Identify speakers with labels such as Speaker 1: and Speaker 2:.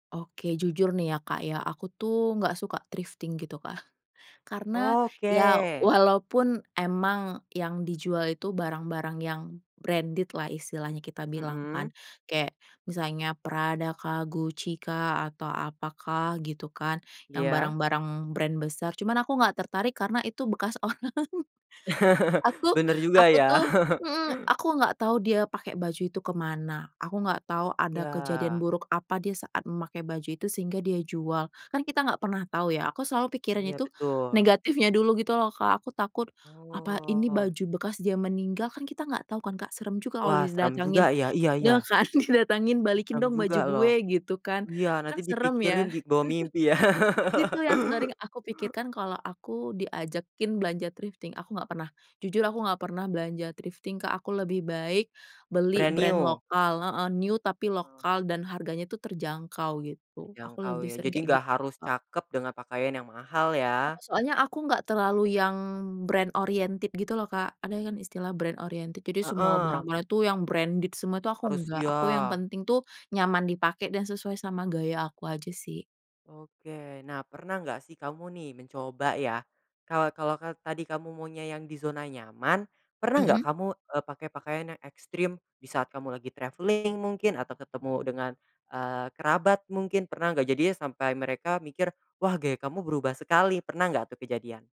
Speaker 1: Oke. Jujur nih ya, Kak, ya. Aku tuh, nggak suka thrifting gitu, Kak. Karena, ya
Speaker 2: Oke.
Speaker 1: walaupun emang yang dijual itu barang-barang yang branded-lah, istilahnya kita bilang kan.
Speaker 2: Mmm.
Speaker 1: Kayak, misalnya Prada kah, Gucci kah, atau apakah gitu kan. Yang
Speaker 2: Iya.
Speaker 1: barang-barang brand besar. Cuman aku nggak tertarik karena itu bekas orang. Aku
Speaker 2: Bener juga,
Speaker 1: aku
Speaker 2: ya.
Speaker 1: tuh mhm. Aku nggak tau dia pakai baju itu ke mana, aku nggak tau ada kejadian
Speaker 2: Iya.
Speaker 1: buruk apa dia saat memakai baju itu sehingga dia jual. Kan kita nggak pernah tau, ya. Aku selalu pikirin
Speaker 2: Iya,
Speaker 1: itu
Speaker 2: betul.
Speaker 1: negatifnya dulu gitu loh, Kak. Aku takut, apa ini
Speaker 2: Oh.
Speaker 1: baju bekas dia meninggal, kan kita nggak tau kan, Kak. Serem juga kalau
Speaker 2: Wah,
Speaker 1: di
Speaker 2: seram
Speaker 1: didatangin.
Speaker 2: juga, ya. Iya
Speaker 1: Ya
Speaker 2: iya.
Speaker 1: kan, didatangin, "Balikin
Speaker 2: Serem
Speaker 1: dong
Speaker 2: juga,
Speaker 1: baju
Speaker 2: loh.
Speaker 1: gue," gitu kan.
Speaker 2: Iya, nanti
Speaker 1: Kan serem,
Speaker 2: dipikirin
Speaker 1: ya.
Speaker 2: di kebawa mimpi, ya.
Speaker 1: Itu yang sering aku pikirkan kalau aku diajakin belanja thrifting. Aku nggak pernah jujur aku nggak pernah belanja thrifting, Kak. Aku lebih baik beli
Speaker 2: Brand
Speaker 1: brand
Speaker 2: new.
Speaker 1: lokal. Heeh. New, tapi
Speaker 2: Heeh.
Speaker 1: lokal. Dan harganya itu terjangkau, gitu. Aku
Speaker 2: Terjangkau,
Speaker 1: lebih
Speaker 2: ya.
Speaker 1: sering
Speaker 2: Jadi
Speaker 1: kayak gi
Speaker 2: nggak harus
Speaker 1: Kak.
Speaker 2: cakep dengan pakaian yang mahal,
Speaker 1: Heeh.
Speaker 2: ya.
Speaker 1: Soalnya aku nggak terlalu yang brand oriented gitu loh, Kak. Ada yang kan istilah brand oriented. Jadi semua
Speaker 2: Heeh.
Speaker 1: barang-barang itu, yang branded semua, itu aku
Speaker 2: Harus
Speaker 1: nggak.
Speaker 2: iya.
Speaker 1: Aku yang penting tuh nyaman dipakai, dan sesuai sama gaya aku aja, sih.
Speaker 2: Oke. Nah, pernah nggak sih kamu nih mencoba, ya. Kalau kalau ka tadi kamu maunya yang di zona nyaman, pernah nggak
Speaker 1: Mhm.
Speaker 2: kamu, eee, pakai pakaian yang ekstrim di saat kamu lagi travelling, mungkin atau ketemu dengan, eee, kerabat mungkin, pernah nggak? Jadinya sampai mereka mikir, "Wah, gaya kamu berubah sekali." Pernah nggak tuh kejadian?